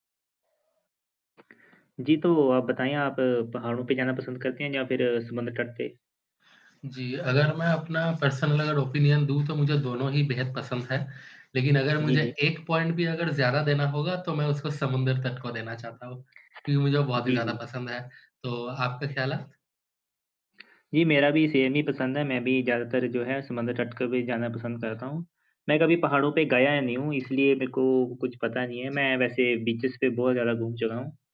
जी, तो आप बताएँ आप पहाड़ों पे जाना पसंद करते हैं या फिर अ, समुद्र तट पे? जी, अगर मैं अपना पर्सनल अगर ओपिनियन दूँ तो मुझे दोनों ही बेहद पसंद हैं। लेकिन अगर जी, मुझे जी। 1 पॉइंट भी अगर ज़्यादा देना होगा तो मैं उसको समुद्र तट को देना चाहता हूँ क्योंकि मुझे वो बहुत ही जी, ज़्यादा जी। पसंद है। तो आपका ख़्यालात? जी मेरा भी सेम ही पसंद है। मैं भी ज़्यादातर जो है समुद्र तट के बीच जाना पसंद करता हूँ। मैं कभी पहाड़ों पे गया ही नहीं हूँ इसलिए मेरे को कुछ पता नहीं है। मैं वैसे बीचेज़ पे बहुत ज़्यादा घूम चुका हूँ।